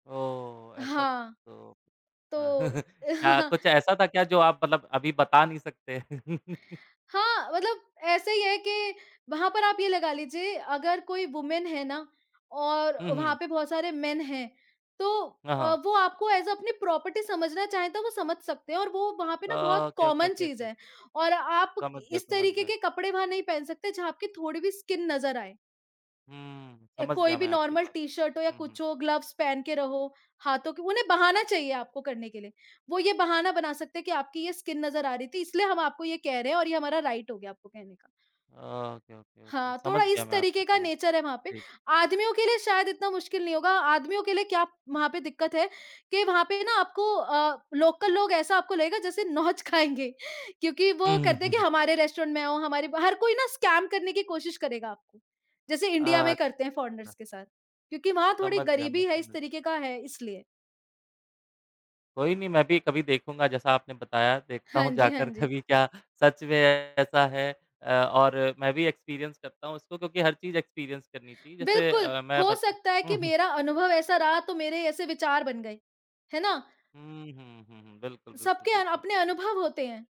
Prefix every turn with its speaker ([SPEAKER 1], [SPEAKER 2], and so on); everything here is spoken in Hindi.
[SPEAKER 1] ओह, ऐसा
[SPEAKER 2] हाँ।
[SPEAKER 1] तो अ,
[SPEAKER 2] तो
[SPEAKER 1] अ, क्या कुछ ऐसा था क्या जो आप मतलब अभी बता नहीं सकते?
[SPEAKER 2] हाँ, मतलब ऐसे ही है कि वहाँ पर आप ये लगा लीजिए, अगर कोई वुमन है ना और
[SPEAKER 1] हुँ,
[SPEAKER 2] वहाँ
[SPEAKER 1] हुँ।
[SPEAKER 2] पे बहुत सारे मेन हैं तो
[SPEAKER 1] हाँ,
[SPEAKER 2] अ,
[SPEAKER 1] हाँ।
[SPEAKER 2] वो आपको एज़ अ, अपनी प्रॉपर्टी समझना चाहें, तो वो समझ सकते हैं और वो वहाँ पे ना बहुत
[SPEAKER 1] ओके, ओके,
[SPEAKER 2] कॉमन
[SPEAKER 1] ओके,
[SPEAKER 2] चीज़ है
[SPEAKER 1] ओके।
[SPEAKER 2] और आप
[SPEAKER 1] समझ गया
[SPEAKER 2] इस
[SPEAKER 1] समझ
[SPEAKER 2] तरीक़े
[SPEAKER 1] गया।
[SPEAKER 2] के कपड़े वहाँ नहीं पहन सकते जहाँ आपकी थोड़ी भी स्किन नज़र आए।
[SPEAKER 1] हम्म,
[SPEAKER 2] अ,
[SPEAKER 1] समझ
[SPEAKER 2] कोई
[SPEAKER 1] गया
[SPEAKER 2] भी
[SPEAKER 1] मैं आपकी
[SPEAKER 2] नॉर्मल
[SPEAKER 1] बात।
[SPEAKER 2] टी-शर्ट हो या
[SPEAKER 1] हुँ, हुँ।
[SPEAKER 2] कुछ हो ग्लव्स पहन के रहो हाथों के उन्हें बहाना चाहिए आपको करने के लिए। वो ये बहाना बना सकते हैं कि आपकी ये स्किन नज़र आ रही थी इसलिए हम आपको ये कह रहे हैं और ये हमारा राइट हो गया आपको कहने का।
[SPEAKER 1] अ, ओके, ओके, ओके।
[SPEAKER 2] हाँ,
[SPEAKER 1] समझ
[SPEAKER 2] थोड़ा
[SPEAKER 1] गया
[SPEAKER 2] इस
[SPEAKER 1] मैं आप
[SPEAKER 2] तरीक़े का
[SPEAKER 1] समझ
[SPEAKER 2] नेचर है वहाँ पे,
[SPEAKER 1] जी।
[SPEAKER 2] आदमियों के लिए शायद इतना मुश्किल नहीं होगा, आदमियों के लिए क्या वहाँ पे दिक्कत है कि वहाँ पे ना आपको अ, लोकल लोग ऐसा आपको लगेगा जैसे नोच खाएँगे, क्योंकि
[SPEAKER 1] हुँ,
[SPEAKER 2] वो
[SPEAKER 1] हुँ,
[SPEAKER 2] करते
[SPEAKER 1] हुँ,
[SPEAKER 2] हैं कि
[SPEAKER 1] हुँ।
[SPEAKER 2] हमारे रेस्टोरेंट में आओ हमारे हर कोई ना स्कैम करने की कोशिश करेगा। जैसे इंडिया में करते हैं
[SPEAKER 1] अच्छा।
[SPEAKER 2] फॉरेनर्स के साथ क्योंकि वहाँ थोड़ी
[SPEAKER 1] समझ गया मैं,
[SPEAKER 2] गरीबी है इस
[SPEAKER 1] समझ
[SPEAKER 2] तरीक़े का है इसलिए।
[SPEAKER 1] कोई नहीं मैं भी कभी देखूँगा जैसा आपने बताया देखता
[SPEAKER 2] हाँ
[SPEAKER 1] हूँ
[SPEAKER 2] जी, हाँ
[SPEAKER 1] जाकर
[SPEAKER 2] जी।
[SPEAKER 1] कभी क्या सच में ऐसा है अ, और मैं भी एक्सपीरियंस करता हूँ उसको क्योंकि हर चीज़ एक्सपीरियंस करनी चाहिए जैसे
[SPEAKER 2] बिल्कुल,
[SPEAKER 1] अ, मैं
[SPEAKER 2] हो
[SPEAKER 1] बत
[SPEAKER 2] सकता है
[SPEAKER 1] हुँ,
[SPEAKER 2] कि
[SPEAKER 1] हुँ।
[SPEAKER 2] मेरा अनुभव ऐसा रहा तो मेरे ऐसे विचार बन गए। है ना?
[SPEAKER 1] हुँ, हुँ, हुँ, हुँ, बिल्कुल, बिल्कुल,
[SPEAKER 2] सबके अन
[SPEAKER 1] बिल्कुल।
[SPEAKER 2] अपने अनुभव होते हैं।